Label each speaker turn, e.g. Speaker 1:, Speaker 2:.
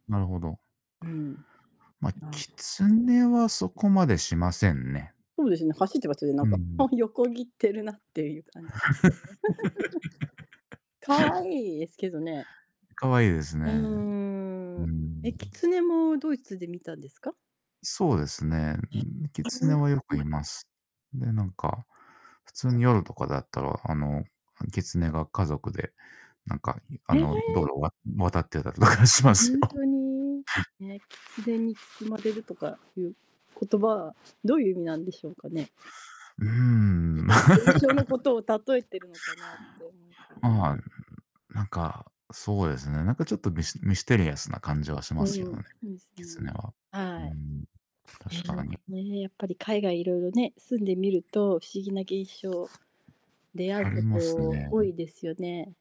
Speaker 1: なるほど。
Speaker 2: うん。
Speaker 1: ま、
Speaker 2: あ。
Speaker 1: キツネはそこ までしませんね。
Speaker 2: そうですね、走ってますね、な
Speaker 1: う
Speaker 2: ん
Speaker 1: んう
Speaker 2: か、
Speaker 1: ん。
Speaker 2: あ、横切ってるなっていう感じですよね。可愛いですけどね。
Speaker 1: 可愛いです
Speaker 2: うー
Speaker 1: ね。う
Speaker 2: ん。
Speaker 1: ー
Speaker 2: え、キ
Speaker 1: ん。
Speaker 2: ツネもドイツで見たんですか？
Speaker 1: そうですね。うー
Speaker 2: ね。
Speaker 1: ん、キツネはよくい ます。で、なんか、普通 に夜とかだったら、あの、キツネが家族で、なんか、ゆあ
Speaker 2: へえ。
Speaker 1: の、道路わ渡ってたりとかしま
Speaker 2: ほ
Speaker 1: す
Speaker 2: ん
Speaker 1: よ。
Speaker 2: とに、ね、狐に包まれるとかいう言葉
Speaker 1: うん。
Speaker 2: は、どういう意味なんでしょうかね？
Speaker 1: うーん。
Speaker 2: ない現象の ことを例えてるのかなって思って。
Speaker 1: まあ、なんか、そうですね、なんかちょっとミスミステリアスな感じはし
Speaker 2: う
Speaker 1: ま
Speaker 2: ん、う
Speaker 1: すけど
Speaker 2: ん、
Speaker 1: ね、
Speaker 2: そうです
Speaker 1: キツネ
Speaker 2: ね。
Speaker 1: は。うー
Speaker 2: はい。
Speaker 1: ん、確か
Speaker 2: え
Speaker 1: に。
Speaker 2: え、ね、やっぱり海外色々ね、住んでみると、不思議な現象、出会
Speaker 1: あります
Speaker 2: うこと多
Speaker 1: ね。
Speaker 2: いですよね。